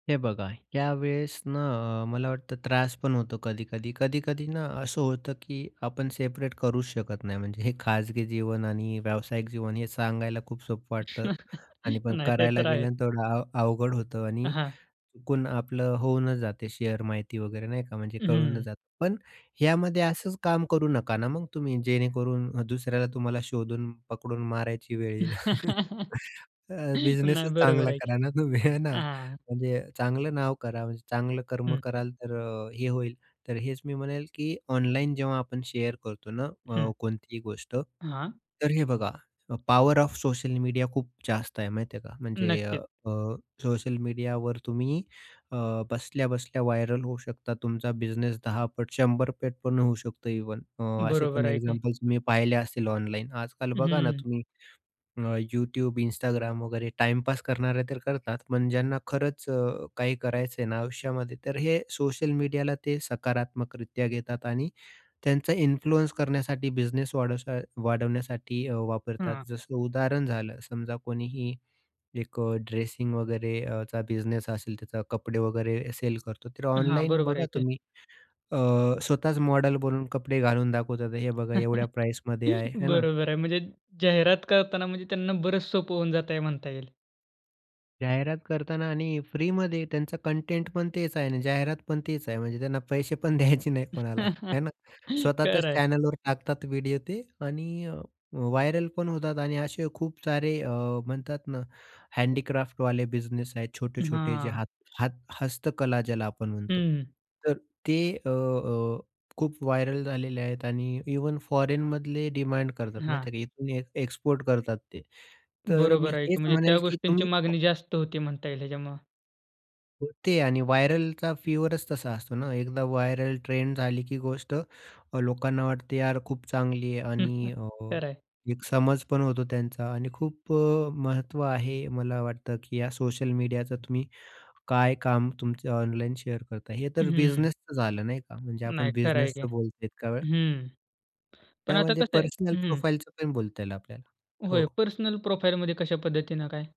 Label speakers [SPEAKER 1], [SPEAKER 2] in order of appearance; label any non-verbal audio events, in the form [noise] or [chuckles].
[SPEAKER 1] हे बघा, त्यावेळेस ना अ, मला वाटतं त्रास पण होतो कधी-कधी. कधी-कधी ना असं होतं की आपण सेपरेट करूच शकत नाही. म्हणजे हे खाजगी जीवन आणि व्यावसायिक जीवन हे सांगायला खूप सोपं वाटतं
[SPEAKER 2] [laughs]
[SPEAKER 1] आणि पण
[SPEAKER 2] नाही ते
[SPEAKER 1] करायला
[SPEAKER 2] तर आहेच.
[SPEAKER 1] गेल्यानंतर तेवढं अव अवघड होतं. आणि
[SPEAKER 2] हां.
[SPEAKER 1] कोण आपलं होऊनच जाते शेअर माहिती वगैरे नाही का, म्हणजे कळूनच
[SPEAKER 2] हम्म.
[SPEAKER 1] जातं. पण यामध्ये असंच काम करू नका ना मग तुम्ही, जेणेकरून दुसऱ्याला तुम्हाला शोधून पकडून मारायची वेळ येईल. [chuckles]
[SPEAKER 2] [laughs] नाही
[SPEAKER 1] अ, बिझनेसच
[SPEAKER 2] बरोबर
[SPEAKER 1] चांगला
[SPEAKER 2] आहे की
[SPEAKER 1] करा ना तुम्ही हे ना.
[SPEAKER 2] हां.
[SPEAKER 1] म्हणजे चांगलं नाव करा. चांगलं कर्म
[SPEAKER 2] हं.
[SPEAKER 1] कराल, तर अ, हे होईल. तर हेच मी म्हणेल की ऑनलाईन जेव्हा आपण शेअर करतो ना
[SPEAKER 2] हं.
[SPEAKER 1] अ, कोणतीही गोष्ट.
[SPEAKER 2] हां.
[SPEAKER 1] तर हे बघा अ, पॉवर ऑफ सोशल मीडिया खूप जास्त आहे माहिती आहे का. म्हणजे अ,
[SPEAKER 2] नक्कीच.
[SPEAKER 1] अ, सोशल मीडियावर तुम्ही अ, बसल्या-बसल्या व्हायरल होऊ शकता. तुमचा बिझनेस 10 पट 100 पट पण होऊ शकतो इव्हन. अ, असे
[SPEAKER 2] बरोबर
[SPEAKER 1] पण
[SPEAKER 2] आहे की.
[SPEAKER 1] एक्झाम्पल्स तुम्ही पाहिले असतील ऑनलाईन. आजकाल बघा ना,
[SPEAKER 2] हम्म.
[SPEAKER 1] तुम्ही अ, YouTube, Instagram वगैरे टाईमपास करणारे तर करतात. पण ज्यांना खरंच अ, काही करायचं आहे ना आयुष्यामध्ये, तर हे सोशल मीडियाला ते सकारात्मकरित्या घेतात आणि त्यांचा इन्फ्लुएन्स करण्यासाठी बिझनेस वाढवाचा वाढवण्यासाठी अ, वापरतात.
[SPEAKER 2] हां.
[SPEAKER 1] जसं उदाहरण झालं समजा, कोणीही एक अ, ड्रेसिंग वगैरे अ, चा बिझनेस असेल त्याचा कपडे वगैरे सेल करतो, तर
[SPEAKER 2] हां.
[SPEAKER 1] ऑनलाईन
[SPEAKER 2] बरोबर आहे
[SPEAKER 1] बघा
[SPEAKER 2] की.
[SPEAKER 1] तुम्ही अ, स्वतःच मॉडल बनून कपडे घालून दाखवतात. हे बघा एवढ्या
[SPEAKER 2] [chuckles]
[SPEAKER 1] प्राईसमध्ये आहे. आहे ना?
[SPEAKER 2] बरोबर आहे. म्हणजे जाहिरात करताना म्हणजे त्यांना बरंच सोपं होऊन जातंय म्हणता येईल.
[SPEAKER 1] जाहिरात करता ना आणि फ्रीमध्ये त्यांचा कंटेंट पण तेच आहे आणि जाहिरात पण तेच आहे. म्हणजे त्यांना पैसे पण [chuckles] द्यायचे नाही कोणाला
[SPEAKER 2] [chuckles]
[SPEAKER 1] हे ना. स्वतः च्याच
[SPEAKER 2] खरं आहे.
[SPEAKER 1] चॅनलवर टाकतात व्हिडिओ ते आणि अ, व्हायरल पण होतात. आणि असे खूप सारे अ, म्हणतात ना हँडीक्राफ्टवाले बिझनेस आहेत छोटे-छोटे जे
[SPEAKER 2] हां.
[SPEAKER 1] हात हात हस्तकला ज्याला आपण म्हणतो.
[SPEAKER 2] हम्म.
[SPEAKER 1] तर ते अ, अ, खूप व्हायरल झालेले आहेत आणि इव्हन फॉरेनमधले डिमांड करतात
[SPEAKER 2] हां.
[SPEAKER 1] माहिती आहे का. इथून ए एक्सपोर्ट करतात ते. तर मी
[SPEAKER 2] बरोबर आहे की.
[SPEAKER 1] हेच
[SPEAKER 2] म्हणजे
[SPEAKER 1] म्हणेल
[SPEAKER 2] त्या
[SPEAKER 1] की
[SPEAKER 2] गोष्टींची
[SPEAKER 1] तुम्ही [unintelligible]
[SPEAKER 2] मागणी जास्त होती म्हणता येईल ह्याच्यामुळे.
[SPEAKER 1] होते. आणि व्हायरलचा फिवरच तसा असतो ना, एकदा व्हायरल ट्रेंड झाली की गोष्ट अ, लोकांना वाटते "यार, खूप चांगली आहे."
[SPEAKER 2] हं, हं.
[SPEAKER 1] आणि अ,
[SPEAKER 2] खरं आहे.
[SPEAKER 1] एक समज पण होतो त्यांचा. आणि खूप अ, महत्त्व आहे मला वाटतं की या सोशल मीडियाचा तुम्ही काय काम तुमचं ऑनलाईन शेअर करता. हे तर
[SPEAKER 2] हम्म.
[SPEAKER 1] बिझनेसचं झालं नाही का. म्हणजे आपण
[SPEAKER 2] नाही खरं आहे की.
[SPEAKER 1] बिझनेसचं बोलतोय इतका वेळ.
[SPEAKER 2] हम्म. पण आता
[SPEAKER 1] त्यामध्ये
[SPEAKER 2] कसं आहे?
[SPEAKER 1] पर्सनल
[SPEAKER 2] हं.
[SPEAKER 1] प्रोफाइलच पण बोलता येईल आपल्याला.
[SPEAKER 2] होय.
[SPEAKER 1] हो.
[SPEAKER 2] पर्सनल प्रोफाइलमध्ये कशा पद्धतीने काय?